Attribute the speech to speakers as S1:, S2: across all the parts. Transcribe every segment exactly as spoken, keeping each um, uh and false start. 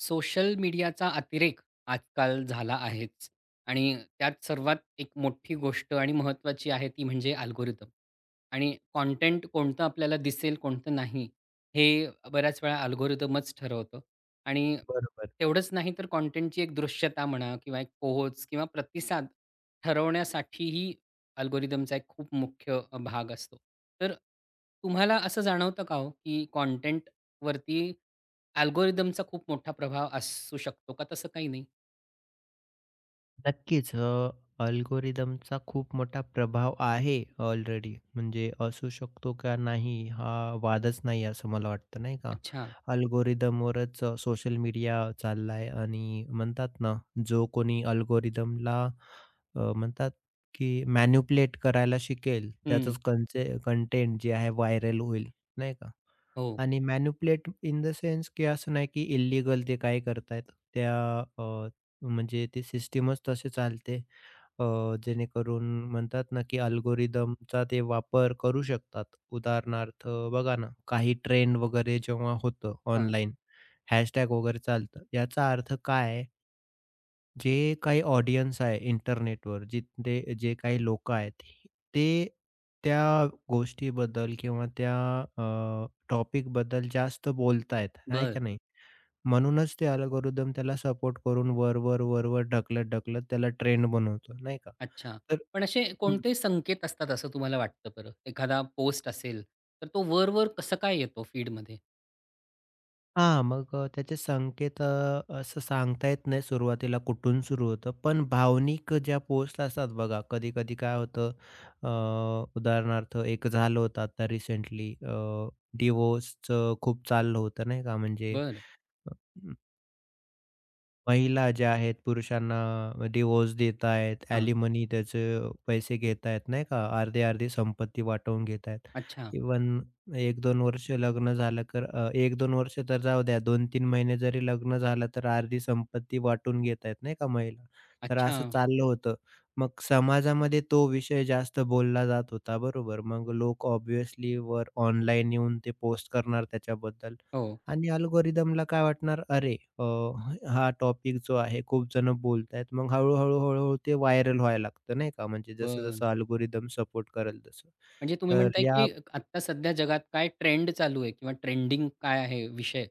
S1: Social मीडियाचा अतिरेक आजकाल झाला आहेच आणि अ, त्यात सर्वात एक मोठी गोष्ट आणि महत्त्वाची आहे ती म्हणजे अल्गोरिदम आणि कॉन्टेंट कोणतं आपल्याला दिसेल कोणतं नाही हे अ, बऱ्याचवेळा अल्गोरिदमच ठरवतं आणि
S2: बरोबर.
S1: तेवढंच नाही तर कॉन्टेंटची एक दृश्यता म्हणा किंवा एक पोहोच किंवा प्रतिसाद ठरवण्यासाठीही अल्गोरिदमचा एक खूप मुख्य अ, भाग असतो, तर तुम्हाला असं जाणवतं का ओ की कॉन्टेंटवरती, अल्गोरिदमचा खूप मोठा प्रभाव असू शकतो का तसं काही नाही?
S2: नक्कीच अ, अल्गोरिदमचा खूप मोठा प्रभाव आहे ऑलरेडी म्हणजे असू शकतो का नाही हा वादच नाही असं मला वाटतं नाही का
S1: अच्छा.
S2: अल्गोरिदमवरच सोशल मीडिया चालला आहे आणि म्हणतात ना जो कोणी अल्गोरिदमला अ, म्हणतात की मॅनिप्युलेट करायला शिकेल
S1: हं.
S2: त्याचच कन्से कॉन्टेंट जे आहे व्हायरल होईल नाही का?
S1: हो.
S2: आणि मॅनिप्युलेट इन द सेन्स की असं नाही की इलीगल ते काय करत आहेत त्या अ, म्हणजे ते सिस्टमच तसे चालते अ, जेणेकरून म्हणतात ना की अल्गोरिदमचा ते वापर करू शकतात उदाहरणार्थ बघा ना काही ट्रेंड वगैरे जेव्हा होतं
S1: हां.
S2: ऑनलाईन हॅशटॅग वगैरे चालतं याचा अर्थ काय आहे? जे काही ऑडियन्स आहे इंटरनेटवर जिथे जे काही लोक आहेत ते त्या गोष्टीबद्दल किंवा त्या अ, टॉपिकबद्दल जास्त बोलताहेत, आहे
S1: बरं.
S2: का नाही? म्हणूनच ते अल्गोरिदम त्याला सपोर्ट करून वर-वर, वर-वर ढकलत-ढकलत त्याला ट्रेंड बनवतो. नाही का?
S1: अच्छा.
S2: तर
S1: पण असे
S2: हं.
S1: कोणते संकेत असतात असं तुम्हाला वाटतं बरं? एखादा पोस्ट असेल, तर तो वर-वर कसं काय येतो फीडमध्ये?
S2: हां. मग अ, त्याचे संकेत अ, असं सांगता येत नाही सुरुवातीला कुठून सुरू होतं, पण भावनिक ज्या पोस्ट असतात बघा. कधी-कधी काय होतं अ, उदाहरणार्थ एक झालं होतं आता रिसेंटली अ, डिवोर्सच खूप चाललं होतं. नाही का? म्हणजे
S1: बरं.
S2: अ, अं महिला ज्या आहेत पुरुषांना डिवोर्स देत आहेत,
S1: हां.
S2: अलीमनी त्याचे पैसे घेता आहेत. नाही का? अर्धे-अर्धी संपत्ती वाटवून घेत आहेत,
S1: अच्छा.
S2: इव्हन एक दोन वर्ष लग्न झालं कर अ, एक दोन तर जाऊ द्या दोन तीन महिने जरी लग्न झालं तर अर्धी संपत्ती वाटून घेत आहेत. नाही का महिला. तर असं
S1: अच्छा.
S2: चाललं होतं मग समाजामध्ये तो विषय जास्त बोलला जात होता, बरोबर? मग लोक ऑब्व्हियसली वर ऑनलाईन येऊन ते पोस्ट करणार त्याच्याबद्दल
S1: हो.
S2: आणि अल्गोरिदमला काय वाटणार अरे अ, ह हा टॉपिक जो आहे खूप जण बोलताहेत मग हळू, हळू, हळू, हळू ते व्हायरल व्हायला लागतं. नाही का? म्हणजे
S1: बरं.
S2: जसं-जसं अल्गोरिदम सपोर्ट करेल तसं.
S1: म्हणजे तुम्ही
S2: तर
S1: म्हणताय
S2: या
S1: की अ, क आता सध्या जगात काय ट्रेंड चालू आहे किंवा ट्रेंडिंग काय आहे विषय,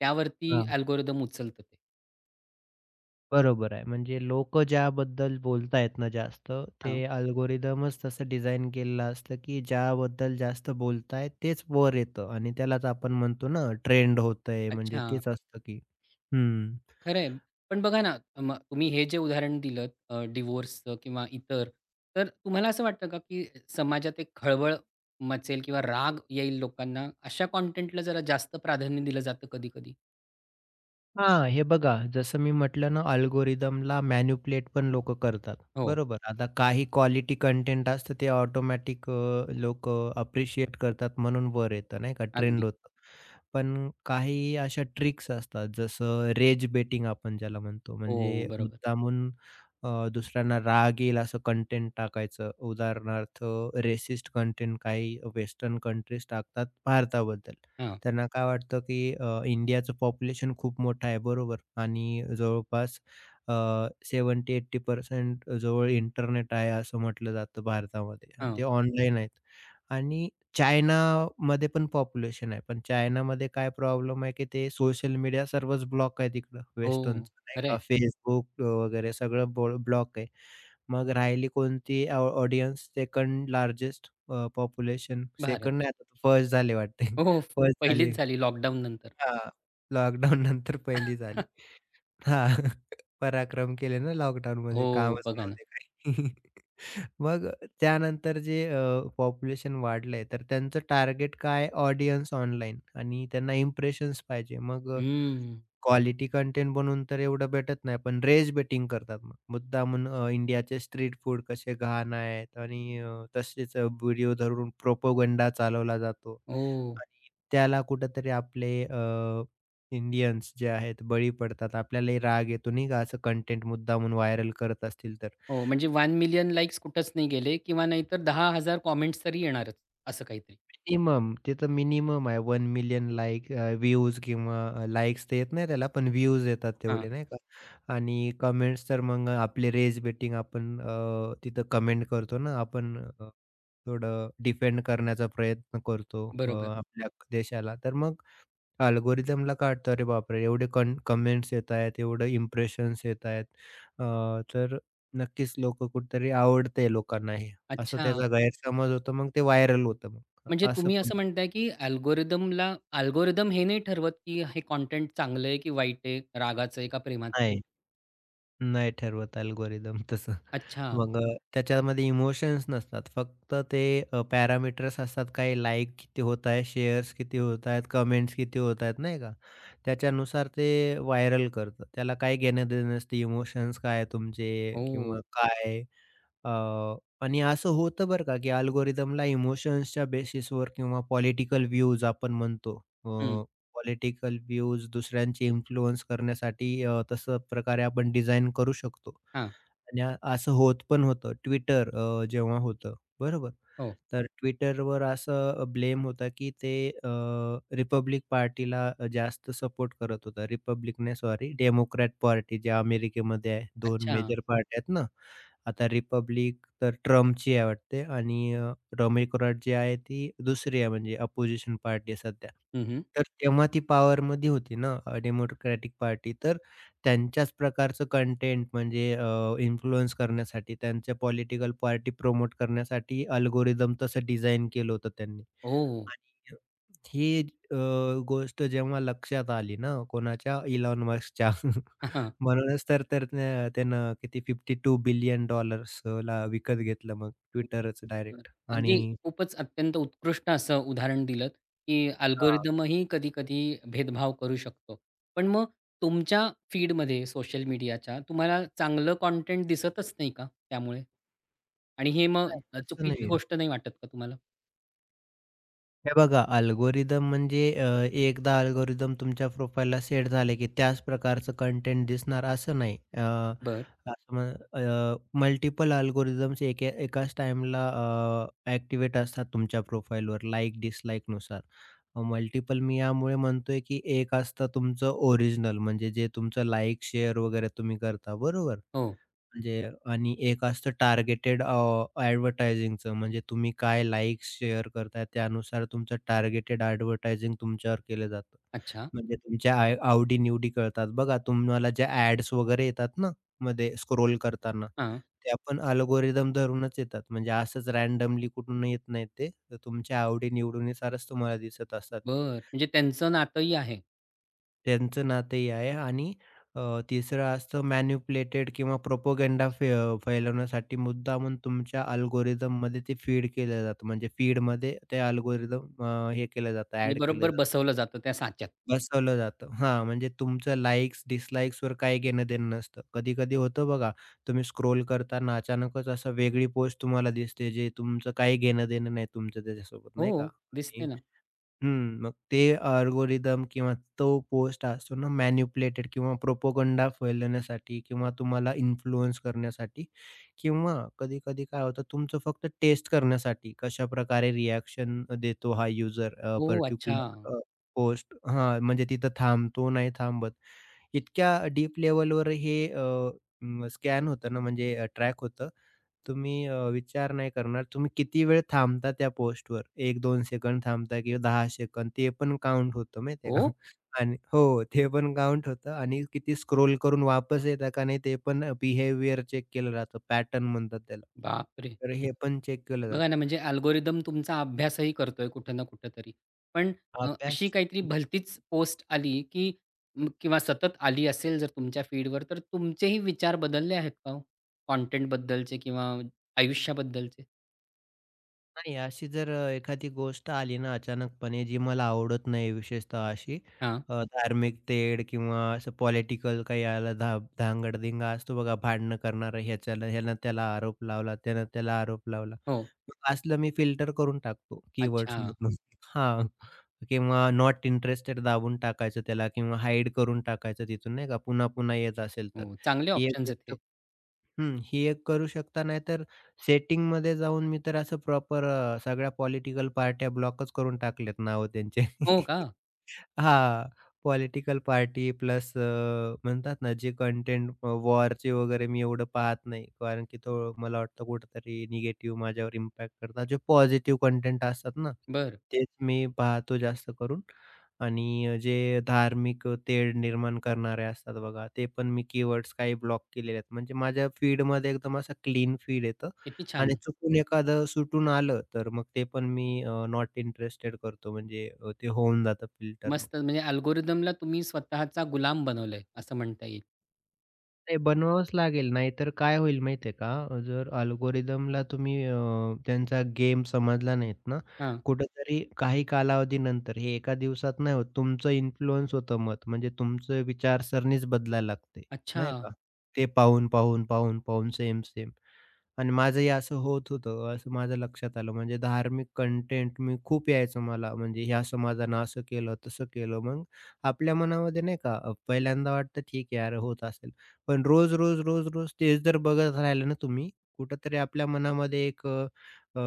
S1: त्यावरती
S2: हां.
S1: अल्गोरिदम उचलतं ते.
S2: बरोबर आहे. म्हणजे लोकं ज्याबद्दल बोलता आहेत ना, जास्त ते
S1: हां.
S2: अल्गोरिदमच तसं डिझाइन केलेला असतं, की ज्याबद्दल जास्त बोलता आहेत तेच वर येतं आणि त्यालाच आपण म्हणतो ना, ट्रेंड होतं आहे म्हणजे
S1: अच्छा.
S2: तेच असतं की हं.
S1: खरं आहे. पण बघा ना, तम्ह तुम्ही हे जे उदाहरण दिलत अ, डिव्होर्सचं, किंवा इतर. तर तुम्हाला असं वाटतं का, की समाजात एक खळबळ मचेल, किंवा राग येईल लोकांना. अशा कंटेंटला जरा जास्त प्राधान्य दिलं जातं कधी-कधी.
S2: हां, हे बघा जसं मी म्हटलं ना, अल्गोरिदमला मॅनिपुलेट पण लोक करतात,
S1: हो.
S2: बरोबर. आता काही क्वालिटी कंटेंट असतं, ते ऑटोमॅटिक अ, लोकं अप्रिशिएट करतात म्हणून वर येतं, नाही का ट्रेंड
S1: अगदी.
S2: होतं. पण काही अशा ट्रिक्स असतात जसं रेज बेटिंग आपण ज्याला म्हणतो.
S1: हो,
S2: म्हणजे
S1: बरोबर.
S2: मुद्दामून अ, दुसऱ्यांना राग येईल असं कंटेंट टाकायचं. उदाहरणार्थ रेसिस्ट कंटेंट काही वेस्टर्न कंट्रीज टाकतात भारताबद्दल.
S1: हं.
S2: त्यांना काय वाटतं, की अ, इंडियाचं पॉप्युलेशन खूप मोठं आहे बरोबर आणि जवळपास अ, सेव्हेंटी एटी पर्सेंट अ, जवळ इंटरनेट आहे असं म्हटलं जातं भारतामध्ये आणि
S1: हं.
S2: ते ऑनलाईन आहेत. आणि चायनामध्ये पण पॉप्युलेशन आहे, पण चायनामध्ये काय प्रॉब्लेम आहे, की ते सोशल मीडिया सर्वच ब्लॉक आहे तिकड,
S1: हो,
S2: वेस्टर्नच
S1: हो.
S2: नाही
S1: खरं
S2: का.
S1: आहे.
S2: Facebook अ, वगैरे सगळं बॉल ब्लॉक आहे. मग राहिली कोणती ऑ audience second largest uh, population
S1: Bharat.
S2: Second नाही आता फर्स्ट झाली वाटतय
S1: हो, हो.
S2: फर्स्ट झाली
S1: पहिलीच झाली लॉकडाउननंतर.
S2: हां. लॉकडाउननंतर पहिली झाली हां. पराक्रम केले ना, लॉकडाउनमध्ये
S1: हो,
S2: कामच
S1: बघा ना.
S2: नव्हते काही. मग त्यानंतर जे अ, पॉप्युलेशन वाढलं आहे, तर त्यांचं टार्गेट काय ऑडियन्स ऑनलाईन आणि त्यांना इम्प्रेशन्स पाहिजे. मग अ,
S1: हं.
S2: क्वालिटी कंटेंट बनवून तर एवढं भेटत नाही, पण रेज बेटिंग करतात मग. मुद्दामून अ, इंडियाचे स्ट्रीट फूड कसे घाण आहेत आणि अ, तसेच अ, व्हिडिओ धरून प्रोपगंडा चालवला जातो.
S1: ओह!
S2: आणि त्याला कुठेतरी आपले अ, इंडियन्स जे आहेत बळी पडतात आपल्यालाही राग येतो नाही का, असं कंटेंट मुद्दामून व्हायरल करत असतील तर
S1: हो, म्हणजे वन
S2: आणि
S1: मिलियन लाइक्स कुठेच नाही गेले, किंवा नाहीतर दहा हजार कमेंट्स तरी येणारच असं काहीतरी.
S2: मिनिमम ते तर मिनिमम आहे, one million like uh, views, किंवा अ, लाइक्स ते येत नाही त्याला पण व्ह्यूज येतात तेवढे
S1: हां.
S2: नाही का. आणि कमेंट्स तर मग आपले रेज बेटिंग आपण अ, तिथं कमेंट करतो ना आपण अ, थोडं डिफेंड करण्याचा प्रयत्न करतो अ,
S1: बरोबर.
S2: आपल्या देशाला. तर मग अल्गोरिदमला काय वाटत अरे बापरे एवढे कन कमेंट्स येत आहेत, एवढे इम्प्रेशन्स येत आहेत अ, तर नक्कीच लोक कुठेतरी आवडतं आहे लोकांना हे. असं
S1: अच्छा.
S2: त्याचा गैरसमज होतो मग ते व्हायरल होतं मग अ,
S1: म्हणजे
S2: असं
S1: तुम्ही
S2: पण.
S1: असं म्हणताय, की अल्गोरिदमला अल्गोरिदम हे नाही ठरवत, की हे कंटेंट चांगलं आहे, की वाईट आहे, रागाच आहे का प्रेमाचं?
S2: नाही. नाही ठरवत अल्गोरिदम तसं.
S1: अच्छा.
S2: मग अ, त्याच्यामध्ये इमोशन्स नसतात, फक्त ते अ, पॅरामीटर्स असतात काही लाइक किती होत आहे, शेअर्स किती होत आहेत, कमेंट्स किती होत आहेत नाही का. त्याच्यानुसार ते व्हायरल करतं, त्याला काही घेणं-देणं नसतं इमोशन्स काय आहे तुमचे,
S1: हो,
S2: किंवा
S1: हो.
S2: काय अ आणि असं होतं बरं का, की अल्गोरिदमला इमोशन्सच्या बेसिसवर, किंवा पॉलिटिकल व्ह्यूज आपण म्हणतो अ,
S1: हं.
S2: पॉलिटिकल व्ह्यूज दुसऱ्यांचे इन्फ्लुअन्स करण्यासाठी अ, तसं प्रकारे आपण डिझाइन करू शकतो.
S1: हां.
S2: आणि अ, असं होत पण होतं, Twitter अ, जेव्हा होतं बरोबर,
S1: हो.
S2: तर Twitterवर असं अ, ब्लेम होतं, की ते अ, रिपब्लिक पार्टीला अ, जास्त सपोर्ट करत होता. रिपब्लिक नाही सॉरी डेमोक्रॅट पार्टी जे अमेरिकेमध्ये आहे दोन
S1: अच्छा.
S2: मेजर पार्ट्या आहेत ना. आता रिपब्लिक तर ट्रम्पची आहे वाटते आणि अ, डेमीक्रॅट जी आहे ती दुसरी आहे, म्हणजे अपोझिशन पार्टी आहे सध्या.
S1: हं, हं.
S2: तर तेव्हा ती पॉवरमध्ये होती ना, अ, डेमोक्रॅटिक पार्टी. तर त्यांच्याच प्रकारचं कंटेंट म्हणजे अ, इन्फ्लुअन्स करण्यासाठी त्यांच्या पॉलिटिकल पार्टी प्रमोट करण्यासाठी अल्गोरिदम तसं डिझाइन केलं होतं त्यांनी.
S1: ओह!
S2: आणि अ, ही अ, गोष्ट जेव्हा लक्षात आली ना कोणाच्या, इलोन मस्कच्या म्हणूनच तर तर न्य त्यानं किती फिफ्टी टू बिलियन डॉलर्स ला विकत घेतलं मग
S1: हं,
S2: Twitterच
S1: बरं.
S2: डायरेक्ट
S1: अगदी
S2: आणि
S1: खूपच अत्यंत उत्कृष्ट असं उदाहरण दिलंत, की
S2: हां.
S1: अल्गोरिदम ही कधी-कधी भेदभाव करू शकतं, पण मग तुमच्या फीडमध्ये सोशल मीडियाच्या, तुम्हाला चांगलं कंटेंट दिसतच नाही का त्यामुळे? आणि हे मग
S2: नाही
S1: अ,
S2: तसं
S1: चुकीची
S2: नाहीये.
S1: गोष्ट नाही वाटत का तुम्हाला?
S2: हे बघा अल्गोरिथम म्हणजे? अ, एकदा अल्गोरिथम तुमच्या प्रोफाइलला सेट झाले, की त्याच प्रकारचं कंटेंट दिसणार असं नाही. अ,
S1: बरं.
S2: अ, म मल्टिपल अल्गोरिथम्स एकाच टाईमला अ, एक्टिव्हेट असतात तुमच्या प्रोफाइलवर लाइक डिसलाइकनुसार. मल्टिपल मी यामुळे म्हणतोय, की एक असतं तुमचं ओरिजिनल म्हणजे जे तुमचं लाइक, शेअर वगैरे तुम्ही करता बरोबर,
S1: हो.
S2: म्हणजे आणि एक असतं टार्गेटेड ॲडव्हर्टायझिंगच म्हणजे तुम्ही काय लाइक्स, शेअर करताय त्यानुसार तुमचं टार्गेटेड ॲडव्हर्टायझिंग तुमच्यावर केलं जातं.
S1: अच्छा.
S2: म्हणजे तुमच्या आवडी-निवडी कळतात, बघा तुम्हाला ज्या ॲड्स वगैरे येतात ना मध्ये स्क्रोल करताना
S1: हां
S2: त्या पण अल्गोरिथम धरूनच येतात म्हणजे असंच रँडमली कुठून येत नाहीत ते तर तुमच्या आवडी-निवडीनुसारच तुम्हाला दिसत असतात ते
S1: बरं, म्हणजे त्यांचं नातंही आहे.
S2: त्यांचं नातंही आहे आणि अ, तिसर असतं मॅनिपुलेटेड किंवा प्रोपगंडा फैलवण्यासाठी मुद्दामून तुमच्या अल्गोरिथम मध्ये ते फीड केलं जातं. म्हणजे फीडमध्ये ते अल्गोरिथम अ, हे केलं जातं
S1: म्हणजे,
S2: ॲड केलं
S1: बरोबर
S2: जातं
S1: बसवलं जातं त्या साच्यात?
S2: बसवलं जातं. हां म्हणजे तुमचं लाइक्स डिसलाइक्सवर काही घेणं-देणं नसतं. कधी-कधी होतं बघा, तुम्ही स्क्रोल करतांना अचानकच असं वेगळी पोस्ट तुम्हाला दिसते जे तुमचं काही घेणं-देणं नाही तुमचं त्याच्यासोबत नाही का?
S1: हो, दिसते ना.
S2: हं, मग ते अल्गोरिथम किंवा तो पोस्ट असतो ना मॅनिप्युलेटेड किंवा प्रोपगंडा फैलण्यासाठी किंवा तुम्हाला इन्फ्लुअन्स करण्यासाठी किंवा कधी-कधी काय होतं तुमचं फक्त टेस्ट करण्यासाठी कशाप्रकारे रिएक्शन देतो हा युजर अ,
S1: ओह! अच्छा.
S2: पार्टिक्युलर अ, पोस्ट हां म्हणजे तिथं थांबतो, नाही थांबत. इतक्या डीप लेव्हलवर हे अ, स्कॅन होतं ना म्हणजे ट्रॅक होतं तुम्ही अ, विचार नाही करणार तुम्ही किती वेळ थांबता त्या पोस्टवर एक दोन सेकंड थांबता किंवा दहा सेकंद ते पण काउंट होतं माहिती आहे का,
S1: हो?
S2: आणि हो ते पण काउंट होतं आणि किती स्क्रोल करून वापस येत का नाही ते पण बिहेवियर चेक केलं जातं पॅटर्न म्हणतात त्याला
S1: बाप रे!
S2: तर हे पण चेक केलं जातं.
S1: बघा ना. म्हणजे अल्गोरिथम तुमचा अभ्यासही करतोय कुठे ना कुठेतरी. पण अ, अशी
S2: अभ्यास
S1: काहीतरी
S2: हं.
S1: भलतीच पोस्ट आली, की किंवा सतत आली असेल जर तुमच्या फीडवर तर तुमचेही विचार बदलले आहेत का हो? कंटेंटबद्दलचे किंवा आयुष्याबद्दलचे?
S2: नाही अशी जर अ, एखादी गोष्ट आली ना अचानकपणे, जी मला आवडत नाही विशेषतः अशी
S1: हां.
S2: अ, धार्मिक तेढ, किंवा असं पॉलिटिकल काही याला धा धांगड-धिंगा असतो बघा, भांडणं करणारं. ह्याच्याला ह्यानं त्याला आरोप लावला, त्यानं त्याला आरोप लावला.
S1: हो.
S2: तर असलं मी फिल्टर करून टाकतो
S1: अच्छा.
S2: कीवर्ड्समधून हां. किंवा नॉट इंटरेस्टेड दाबून टाकायचं त्याला, किंवा हाईड करून टाकायचं तिथून नाही का पुन्हा-पुन्हा येत असेल तर.
S1: हो, चांगले
S2: ही एक
S1: ऑप्शन्स आहेत
S2: गोष्ट
S1: हे.
S2: हं, ही एक करू शकता नाहीतर सेटिंगमध्ये जाऊन मी तर असं प्रॉपर अ, सगळ्या पॉलिटिकल पार्ट्या ब्लॉकच करून टाकल्यात नावं त्यांचे
S1: हो का?
S2: हां. पॉलिटिकल पार्टी प्लस अ, म्हणतात ना जे कंटेंट अ, वॉरचे वगैरे मी एवढं पाहत नाही, कारण की तो मला वाटतं कुठेतरी निगेटिव्ह माझ्यावर इम्पॅक्ट करतात. जे पॉझिटिव्ह कंटेंट असतात ना,
S1: बरं.
S2: तेच मी पाहतो जास्त करून. आणि अ, जे धार्मिक अ, तेढ निर्माण करणारे असतात बघा, ते पण मी कीवर्ड्स काही ब्लॉक केलेले आहेत. म्हणजे माझ्या फीडमध्ये एकदम असं क्लीन फीड येतं.
S1: किती
S2: आणि
S1: छान.
S2: चुकून एखादं सुटून आलं, तर मग ते पण मी अ, नॉट इंटरेस्टेड करतो म्हणजे अ, ते होऊन जातं फिल्टर मग.
S1: मस्त म्हणजे अल्गोरिदमला तुम्ही स्वतःचा गुलाम बनवलं आहे, असं म्हणता येईल.
S2: नाही, बनवावंच लागेल. नाहीतर काय होईल माहिती आहे का, जर अल्गोरिदमला तुम्ही अ, त्यांचा गेम समजला नाहीत ना.
S1: हां.
S2: कुठेतरी काही कालावधीनंतर हे एका दिवसात नाही होत. तुमचं इन्फ्लुअन्स होतं मत. म्हणजे तुमचं विचार सरणीच बदलायला लागते, नाही
S1: अच्छा.
S2: का. ते पाहून-पाहून, पाहून-पाहून, सेम-सेम. आणि माझंही असं होत होतं, असं माझ्या लक्षात आलं. म्हणजे धार्मिक कॉन्टेंट, मी खूप यायचं मला. म्हणजे ह्या समाजानं असं केलं, तसं केलं. मग, आपल्या मनामध्ये नाही का अ, पहिल्यांदा वाटतं ठीक आहे यार होत असेल. पण रोज, रोज, रोज, रोज, तेच जर बघत राहिले ना तुम्ही, कुठेतरी आपल्या मनामध्ये एक अ, अ,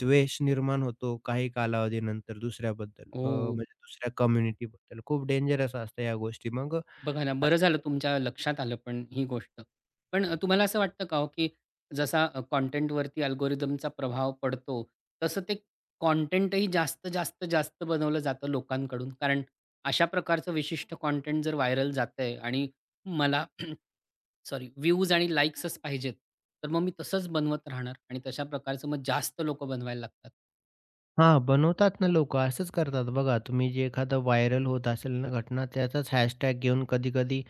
S2: द्वेष निर्माण होतो काही कालावधीनंतर दुसऱ्याबद्दल. अ,
S1: ओह.
S2: म्हणजे दुसऱ्या कम्युनिटीबद्दल. खूप डेंजरस असतं ह्या गोष्टी मग अ,
S1: बघा ना, बरं
S2: अशयाप्रकारे
S1: झालं तुमच्या लक्षात आलं पण ही गोष्ट. पण अ, तुम्हाला असं वाटतं का हो, की जसा अ, कॉन्टेंटवरती अल्गोरिदमचा प्रभाव पडतो, तसं ते कॉन्टेंट ही जास्त, जास्त, जास्त बनवलं जातं लोकांकडून. कारण अशा प्रकारचं विशिष्ट कॉन्टेंट जर व्हायरल जातं आहे. आणि मला सॉरी व्ह्यूज आणि लाईक्सच पाहिजेत. तर मग मी तसच बनवत राहणार आणि तशा प्रकारचं मग जास्त लोक बनवायला लागतात.
S2: हां. बनवतात ना लोक. असंच करतात बघा. तुम्ही जे एखादं व्हायरल होत असेल ना घटना त्याचंच हॅशटॅग घेऊन कधी-कधी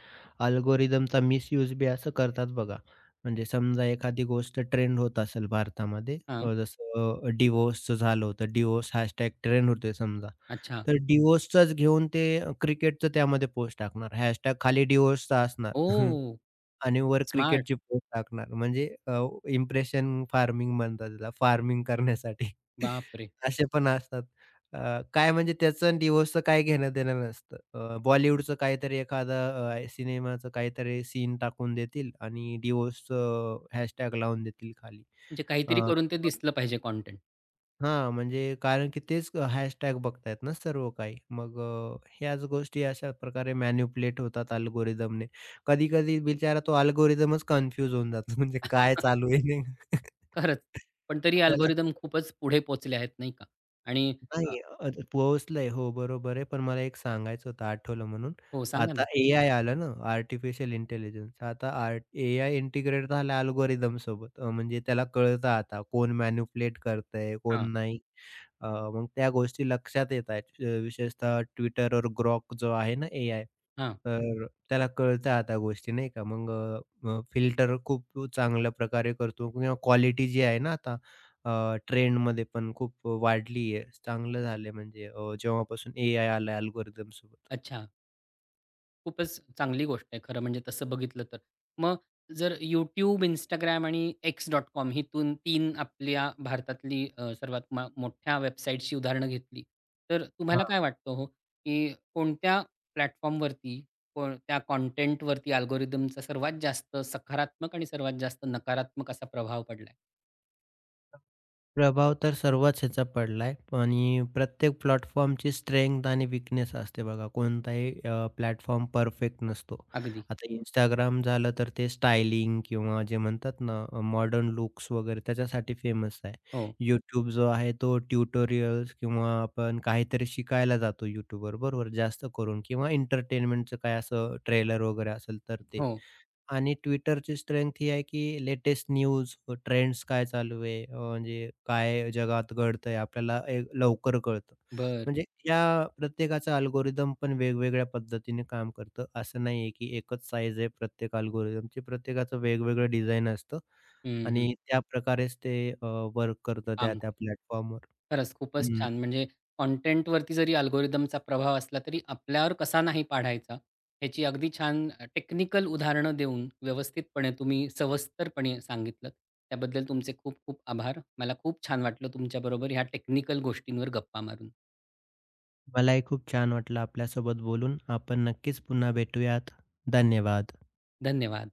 S2: अल्गोरिदमचा मिसयूज बी असं करतात बघा. म्हणजे समजा एखादी गोष्ट ट्रेंड होत असेल भारतामध्ये,
S1: हां.
S2: अ, जसं डिवोर्सचं झालं होतं. डिवोर्सचं हॅशटॅग ट्रेंड होतोय समजा.
S1: अच्छा.
S2: तर डिवोर्सचंच घेऊन ते अह, क्रिकेटचं त्यामध्ये पोस्ट टाकणार. हॅशटॅग खाली डिवोर्सचं असणार.
S1: ओह!
S2: आणि वर
S1: स्मार्ट.
S2: क्रिकेटची पोस्ट टाकणार. म्हणजे अ, इंप्रेशन फार्मिंग म्हणतात त्याला. फार्मिंग करण्यासाठी.
S1: बापरे!
S2: असे पण असतात. अ, काय म्हणजे त्याच आणि डिवोर्सचं काही घेणं-देणं नसतं. अ, बॉलिवूडचं काहीतरी एखादा अ, अ, सिनेमाचं काहीतरी सीन टाकून देतील. आणि डिवोर्सचं हॅशटॅग लावून देतील खाली.
S1: म्हणजे
S2: अ,
S1: काहीतरी करून ते
S2: मग
S1: दिसलं पाहिजे कॉन्टेंट.
S2: हां. म्हणजे कारण की तेच हॅशटॅग बघताय ना सर्व काही. मग अ, ह्याच गोष्टी अशा प्रकारे मॅनिप्युलेट होतात अल्गोरिदमने. कधी-कधी बिचारा तो अल्गोरिदमच कन्फ्यूज होऊन जातो म्हणजे काय चालू आहे नेमकं.
S1: खरंच. पण तरी
S2: त्याला
S1: अल्गोरिदम खूपच पुढे पोहचले आहेत. नाही का. आणि अ
S2: नाही अ, पोहचलंय. हो. बरोबर आहे. पण मला एक सांगायचं होतं आठवलं म्हणून.
S1: हो. सांगा
S2: आता
S1: ना.
S2: एआय आलं ना. Artificial intelligence. आता आर्ट एआय इंटिग्रेट झालं अल्गोरिदमसोबत. अ, म्हणजे त्याला कळतं आता कोण मॅनिपुलेट करतंय,
S1: हां.
S2: कोण नाही. अ, मग त्या गोष्टी लक्षात येत आहेत. अ, विशेषतः Twitterवर Grok जो आहे ना, एआय.
S1: हां.
S2: तर त्याला कळतंय आता गोष्टी. नाही का. मग अ, अ, फिल्टर अ, खूप चांगल्या प्रकारे करतो. किंवा क्वालिटी जी आहे ना आता अ, ट्रेंडमध्ये पण खूप वाढली आहे चांगलं झालंय म्हणजे. अ, जेव्हापासून एआय आलय अल्गोरिदमसोबत.
S1: अच्छा. खूपच चांगली गोष्ट आहे. खरं म्हणजे तसं बघितलं तर. मग जर YouTube, Instagram आणि X.com हितून तीन आपल्या भारतातली अ, सर्वात मा मोठ्या वेबसाईटची उदाहरणं घेतली. तर अ, तुम्हाला
S2: हां.
S1: काय वाटतं हो, की कोणत्या प्लॅटफॉर्मवरती कोणत्या कॉन्टेंटवरती अल्गोरिदमचा सर्वात जास्त सकारात्मक आणि सर्वात जास्त नकारात्मक असा प्रभाव पडलाय?
S2: प्रभाव तर सर्वच ह्याचा पडला आहे. आणि प्रत्येक प्लॅटफॉर्मची स्ट्रेंग्थ आणि वीकनेस असते बघा. कोणताही अ, प्लॅटफॉर्म परफेक्ट नसतो.
S1: अगदी.
S2: आता Instagram झालं तर ते स्टायलिंग किंवा जे म्हणतात ना अ, मॉडर्न लुक्स वगैरे त्याच्यासाठी फेमस आहे.
S1: हो.
S2: YouTube जो आहे तो ट्युटोरियल्स किंवा आपण काहीतरी शिकायला जातो YouTubeवर. बरोबर, जास्त करून किंवा एंटरटेनमेंटचं काही असं अ, ट्रेलर वगैरे असेल तर ते.
S1: हो.
S2: आणि Twitterची स्ट्रेंग्थ ही आहे, की लेटेस्ट न्यूज, ट्रेंड्स काय चालू आहे, अ, म्हणजे काय जगात घडतंय आपल्याला अ, लवकर कळतं.
S1: बरं.
S2: म्हणजे या प्रत्येकाचं अल्गोरिदम पण वेगवेगळ्या पद्धतीने काम करतं. असं नाही आहे, की एकच साइझ आहे प्रत्येक अल्गोरिदमची. प्रत्येकाचं वेगवेगळं डिझाईन असतं
S1: हं, हं.
S2: आणि त्या प्रकारेच ते अ, वर्क करतं
S1: काम क
S2: त्या-त्या प्लॅटफॉर्मवर
S1: खरंच. खूपच
S2: हं.
S1: छान. म्हणजे कॉन्टेंटवरती जरी अल्गोरिदमचा प्रभाव असला, तरी आपल्यावर कसा नाही पाढायचा. याची अगदी छान अ, टेक्निकल उदाहरणं देऊन व्यवस्थितपणे तुम्ही सविस्तरपणे सांगितलंत त्याबद्दल तुमचे खूप खूप आभार. मला खूप छान वाटलं तुमच्या बरोबर या टेक्निकल गोष्टींवर गप्पा मारून.
S2: मलाही खूप छान वाटलं आपल्यासोबत बोलून. आपण नक्कीच पुन्हा भेटूयात. धन्यवाद.
S1: धन्यवाद.